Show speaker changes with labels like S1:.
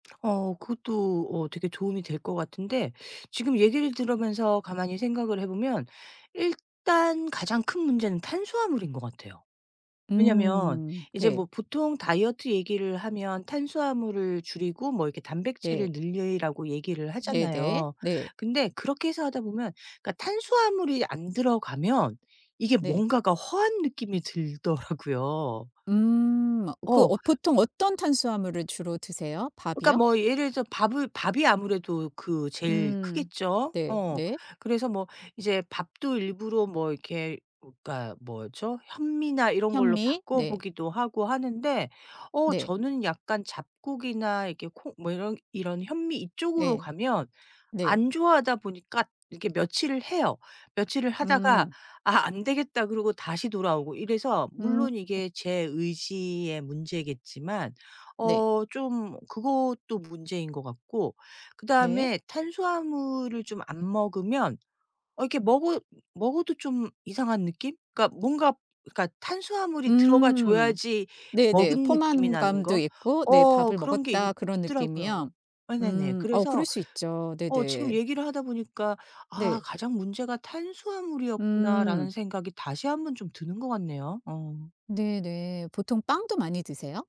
S1: 어 그것도 어 되게 도움이 될 것 같은데 지금 얘기를 들으면서 가만히 생각을 해 보면 일단 가장 큰 문제는 탄수화물인 것 같아요. 왜냐면
S2: 음
S1: 이제
S2: 네.
S1: 뭐 보통 다이어트 얘기를 하면 탄수화물을 줄이고 뭐 이렇게 단백질을
S2: 네.
S1: 늘리라고 얘기를
S2: 네네
S1: 하잖아요.
S2: 네.
S1: 근데 그렇게 해서 하다 보면 그러니까 탄수화물이 안 들어가면 이게
S2: 네.
S1: 뭔가가 허한 느낌이 들더라고요.
S2: 음 그
S1: 어.
S2: 어 보통 어떤 탄수화물을 주로 드세요?
S1: 그러니까
S2: 밥이요?
S1: 뭐 예를 들어서 밥을 밥이 아무래도 그 제일
S2: 음
S1: 크겠죠. 어.
S2: 네네.
S1: 그래서 뭐 이제 밥도 일부러 뭐 이렇게 어 그니까 뭐죠? 현미나 이런 걸로
S2: 현미 네.
S1: 바꿔보기도 하고 하는데 어
S2: 네.
S1: 저는 약간 잡곡이나 이렇게 콩 뭐 이런 이런 현미 이쪽으로
S2: 예.
S1: 가면
S2: 네.
S1: 안 좋아하다 보니까 이렇게 며칠을 해요. 며칠을 하다가
S2: 음.
S1: '아 안 되겠다.' 그러고 다시 돌아오고 이래서
S2: 음.
S1: 물론 이게 제 의지의 문제겠지만
S2: 네.
S1: 어 좀 그것도 문제인 것 같고
S2: 네.
S1: 그다음에 탄수화물을 좀 안 먹으면 어 이렇게 먹어 먹어도 좀 이상한 느낌? 그러니까 뭔가 그러니까 탄수화물이 들어가
S2: 음
S1: 줘야지
S2: 네네.
S1: 먹은 느낌이 나는
S2: 포만감도
S1: 거?
S2: 있고 네
S1: 어
S2: 밥을
S1: 그런 게 있
S2: 먹었다 그런
S1: 있더라고요.
S2: 느낌이요?
S1: 네네네.
S2: 음 어 그럴
S1: 그래서
S2: 수 있죠.
S1: 어 지금
S2: 네네.
S1: 얘기를 하다 보니까 '아
S2: 네.
S1: 가장 문제가 탄수화물이었구나.'라는
S2: 음.
S1: 생각이 다시 한번 좀 드는 것 같네요. 어.
S2: 네네. 보통 빵도 많이 드세요?